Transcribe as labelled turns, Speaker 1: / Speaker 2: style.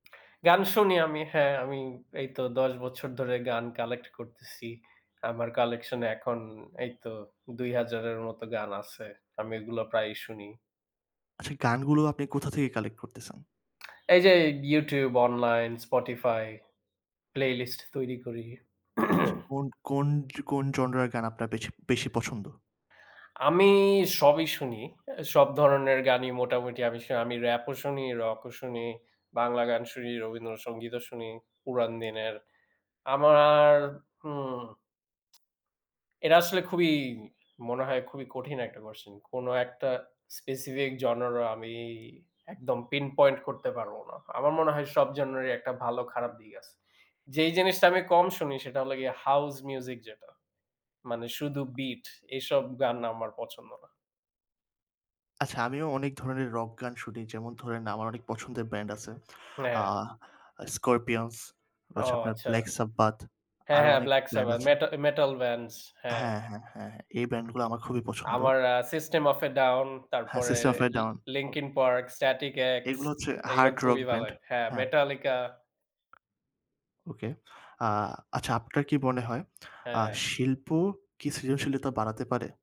Speaker 1: গান শুনি আমি। হ্যাঁ, আমি এইতো ১০ বছর ধরে গান collect করতেছি। আমার collection এ এখন এইতো ২০০০ এর মতো গান আছে। আমি এগুলা প্রায়ই শুনি।
Speaker 2: আচ্ছা, এই গানগুলো আপনি কোথা থেকে কালেক্ট করতেছেন?
Speaker 1: এই যে YouTube, অনলাইন, Spotify playlist তৈরি করি।
Speaker 2: আচ্ছা কোন কোন কোন জনরার গান আপনার বেচি বেশি পছন্দ?
Speaker 1: আমি সবই শুনি। অ্যা সব ধরনের গানই মোটামুটি আমি স আমি Rap ও শুনি, Rock ও শুনি, বাংলা গান শুনি, রবীন্দ্রসংগীতও শুনি পুরান দিনের। আমার উম এটা আসলে খুবই, মনে হয়, খুবই কঠিন একটা কোয়েশ্চন। কোনো একটা specific genre আমি একদম pinpoint করতে পারবো না। আমার মনে হয়, সব জনরারই একটা ভালো, খারাপ দিক আছে। যেই জিনিসটা আমি কম শুনি, সেটা হলো গিয়ে হাউস মিউজিক যেটা, মানে শুধু বীট। এই সব গান আমার পছন্দ না।
Speaker 2: আচ্ছা, আমিও অনেক ধরনের রক গান শুনি। যেমন ধরেন, আমার অনেক পছন্দের ব্র্যান্ড আছে,
Speaker 1: হ্যাঁ।
Speaker 2: আহ, 'Scorpions' বা
Speaker 1: ও
Speaker 2: হচ্ছে আপনার
Speaker 1: আচ্ছা।
Speaker 2: 'Black Sabbath',
Speaker 1: হ্যাঁ,
Speaker 2: আরও
Speaker 1: হ্যাঁ
Speaker 2: অনেক
Speaker 1: 'ব্ল্যাক
Speaker 2: ব্র্যান্ড
Speaker 1: সাবাথ',
Speaker 2: আছে।
Speaker 1: মেটা মেটাল, মেটাল ব্যান্ডস, হ্যাঁ।
Speaker 2: হ্যাঁ, হ্যাঁ, হ্যাঁ, এই ব্র্যান্ডগুলা আমার খুবই পছন্দ।
Speaker 1: আমার আ 'System of a Down'
Speaker 2: হ্যাঁ,
Speaker 1: তারপরে
Speaker 2: 'System of a
Speaker 1: Li
Speaker 2: Down' O
Speaker 1: 'Linkin Park', 'Static-X',
Speaker 2: এগুলো হচ্ছে
Speaker 1: এগুলা
Speaker 2: হার্ড রক
Speaker 1: খুবই ভালো
Speaker 2: ব্র্যান্ড
Speaker 1: হয়। হ্যাঁ,
Speaker 2: হ্যাঁ।
Speaker 1: 'Metallica'.
Speaker 2: ওকে। আ আচ্ছা, আপনার কি মনে হয়, আ
Speaker 1: হ্যাঁ।
Speaker 2: শিল্প কি সৃজনশীলতা বাড়াতে পারে?